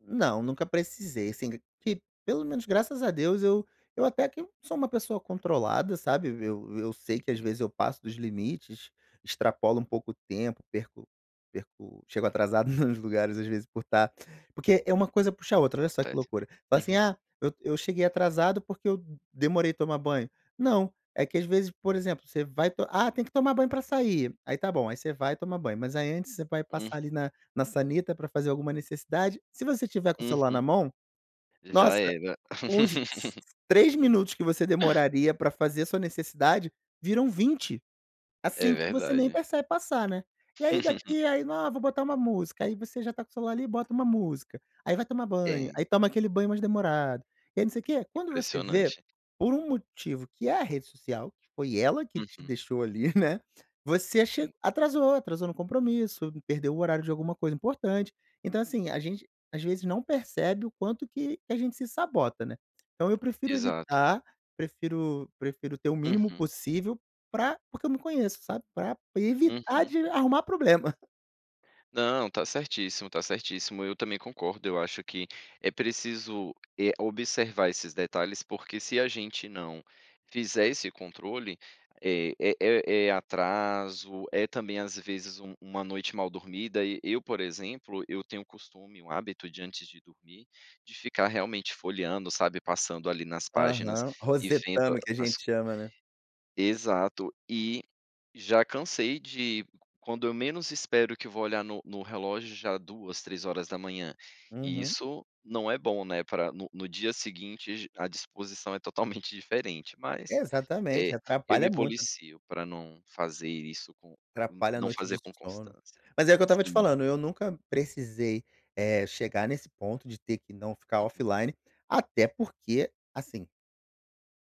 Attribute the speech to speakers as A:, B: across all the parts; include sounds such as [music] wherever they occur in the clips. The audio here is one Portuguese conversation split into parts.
A: Não, nunca precisei, assim, q que, pelo menos, graças a Deus, eu eu até que eu sou uma pessoa controlada, sabe, eu eu sei que, às
B: Uhum.
A: vezes, eu passo dos limites, extrapolo um pouco o tempo, perco perco chego atrasado nos lugares, às vezes, por estar porque é uma coisa puxa a outra, olha só que
B: Acontece,
A: loucura, então, assim,
B: uhum.
A: "Ah, eu eu cheguei atrasado, porque eu demorei tomar banho.", não, é que às vezes, por exemplo, você vai to "Ah, tem que tomar banho pra sair.", aí tá bom, aí você vai tomar banho, mas aí antes você vai
B: Hum.
A: passar ali na na sanita pra fazer alguma necessidade. Se você estiver com o celular na
B: Uhum,
A: mão,
B: já
A: nossa,
B: era.
A: uns s
B: [laughs]
A: 3 minutos que você
B: [coughs]
A: demoraria pra fazer a sua necessidade, viram 20,
B: É
A: assim que você nem
B: verdade.
A: percebe passar, né, e aí
B: [chuckles]
A: daqui aí "Não ah vou botar uma música.", aí você já tá com o celular ali e bota uma música, aí vai tomar banho, aí
B: É.
A: toma aquele banho mais demorado, e aí não sei quê, quando você vê,
B: Impressionante.
A: por um motivo que é a rede social que foi ela que te
B: Uhum.
A: deixou ali, né, você che
B: Sim.
A: atrasou, atrasou no compromisso, perdeu o horário de alguma coisa importante. Então, assim, a gente, às vezes, não percebe o quanto que que a gente se sabota, né. Então eu prefiro
B: Exato.
A: evitar, prefiro prefiro ter o mínimo
B: Uhum.
A: possível pra porque eu me conheço, sabe, pra evitar
B: Uhum.
A: de arrumar problema.
B: Não, tá certíssimo, tá certíssimo. Eu também concordo, eu acho que é preciso, eh, observar esses detalhes, porque se a gente não fizer esse controle, é é é é atraso, é também, às vezes, um uma noite mal dormida e eu, por exemplo, eu tenho o costume, o hábito de antes de dormir, de ficar realmente folheando, sabe, passando ali nas páginas
A: Aham,
B: e vendo
A: Rosetama que a
B: as
A: gente chama, né.
B: Exato, e já cansei de qu quando eu menos espero que vou olhar no no relógio já 2, 3 e
A: Uhum.
B: isso não é bom, né, pra no no dia seguinte j à disposição é totalmente diferente, mas,
A: Exatamente,
B: eh, eu me
A: atrapalha muito.
B: policio pra não fazer isso com, n
A: Atrapalha a
B: não
A: noite de
B: fazer com
A: sono,
B: constância,
A: mas é o eu estava te
B: sim.
A: falando, eu nunca precisei, eh, chegar nesse ponto de ter que não ficar
B: Uhum.
A: offline, até porque, assim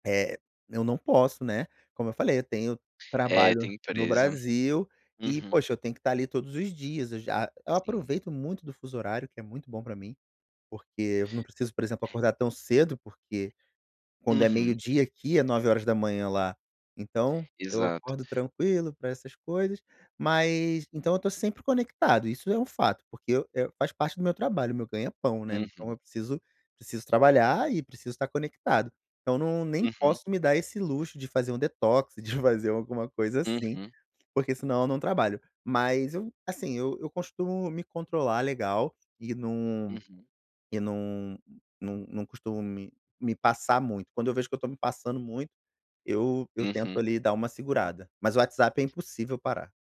A: eh, eu não posso, né, como eu falei eu tenho
B: É,
A: trabalho
B: tem
A: no
B: empresa,
A: Brasil e
B: uhum.
A: poxa eu tenho que estar ali todos os dias, eu já eu
B: Sim.
A: aproveito muito do fuso horário que é muito bom pra mim, porque eu não preciso, por exemplo, acordar tão cedo, porque, quando é
B: Uhum.
A: meio-dia aqui é 9h lá. Então eu
B: Exato.
A: acordo tranquilo pra essas coisas, mas então eu tô sempre conectado, isso é um fato porque, eh, eu, faz parte do meu trabalho, o meu ganha pão, né. Então,
B: Uhum.
A: eu preciso preciso trabalhar e preciso estar conectado, então, não nem
B: Uhum.
A: posso me dar esse luxo de fazer um detox, de fazer alguma coisa assim,
B: Uhum.
A: porque senão eu não trabalho, mas eu, assim, eu costumo me controlar legal e não
B: Uhum.
A: e não não não costumo me me passar muito. Quando eu vejo que eu estou me passando muito, eu eu tento
B: Uhum.
A: ali dar uma segurada, mas o WhatsApp é impossível parar.